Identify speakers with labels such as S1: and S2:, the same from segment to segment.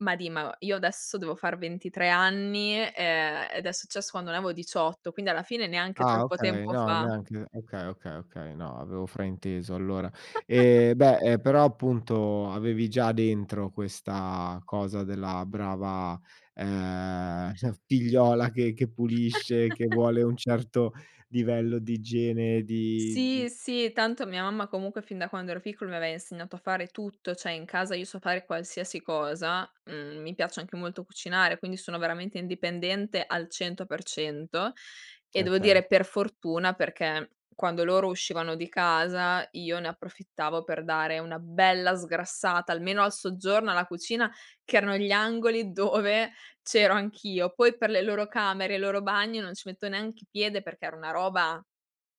S1: Ma di ma io adesso devo far 23 anni, ehm, ed è successo quando ne avevo 18 quindi, alla fine, neanche
S2: Ah,
S1: troppo
S2: okay,
S1: tempo
S2: no
S1: fa.
S2: neanche okay, okay, okay, no, avevo frainteso allora. E beh, ehm, però appunto avevi già dentro questa cosa della brava ehm, cioè figliola che che pulisce, che vuole un certo livello di igiene di, mhmm
S1: Sì, sì, tanto mia mamma comunque fin da quando ero piccolo mi aveva insegnato a fare tutto, cioè in casa io so fare qualsiasi cosa, mhmm, mi piace anche molto cucinare, quindi sono veramente indipendente al 100%
S2: E
S1: e devo dire
S2: okay.
S1: per fortuna, perché quando loro uscivano di casa io ne approfittavo per dare una bella sgrassata almeno al soggiorno, alla cucina, che erano gli angoli dove c'ero anch'io. Poi per le loro camere, il loro bagno non ci metto neanche piede perché era una roba,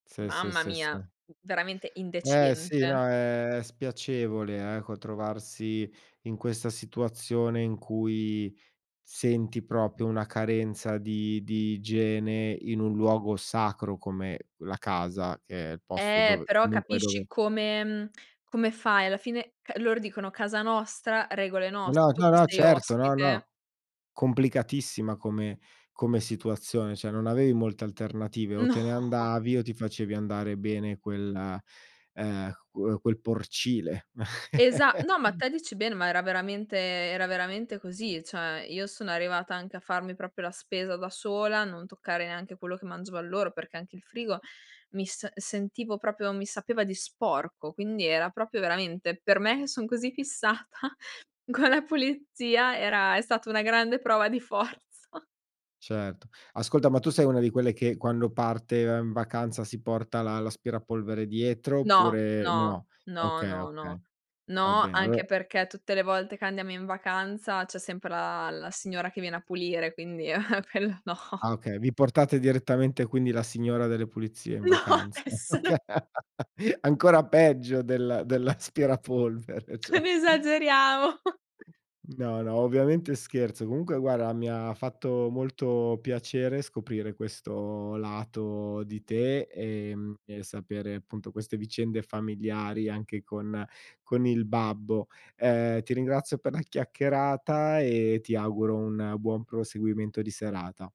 S2: Sì, sì,
S1: mamma
S2: sì,
S1: mia,
S2: sì.
S1: v veramente
S2: Eh, sì,
S1: indecente.
S2: no è spiacevole eh, co trovarsi in questa situazione in cui senti proprio una carenza di di igiene in un luogo sacro come la casa, che è il posto
S1: Eh
S2: dove
S1: però
S2: comunque
S1: capisci
S2: dove
S1: come mhmm, come fai alla fine, ca loro dicono: "Casa nostra, regole
S2: No,
S1: nostre, tu
S2: no,
S1: qui
S2: no,
S1: sei
S2: certo, no,
S1: ospite".
S2: no. Complicatissima come come situazione, cioè non avevi molte alternative o
S1: No.
S2: te ne andavi o ti facevi andare bene quella ehm, qu quel porcile.
S1: Esa no, ma te dici bene, ma era veramente era veramente così. Cioè, io sono arrivata anche a farmi proprio la spesa da sola, non toccare neanche quello che mangiavan loro perché anche il frigo mi s sentivo proprio mi sapeva di sporco, quindi era proprio veramente per me che son così fissata con la pulizia era è stata una grande prova di forza.
S2: Certo. Ascolta, ma tu sei una di quelle che quando parte e va in vacanza si porta l'a l'aspirapolvere dietro
S1: No,
S2: oppure
S1: no,
S2: no?
S1: no,
S2: Okay,
S1: no, no.
S2: okay. Va
S1: No
S2: bene, allora
S1: anche perché tutte le volte che andiamo in vacanza c'è sempre la la signora che viene a pulire, quindi, e ehm, quello no.
S2: Ah, okay, vi portate direttamente quindi la signora delle pulizie in
S1: No,
S2: vacanza?
S1: è solo
S2: Okay. Ancora peggio del dell'aspirapolvere,
S1: Non
S2: cioè.
S1: esageriamo.
S2: No, no, ovviamente scherzo. Comunque guarda, mi ha fatto molto piacere scoprire questo lato di te, ehm, e sapere appunto queste vicende familiari anche con con il babbo. Ehm, ti ringrazio per la chiacchierata e ti auguro un buon proseguimento di serata.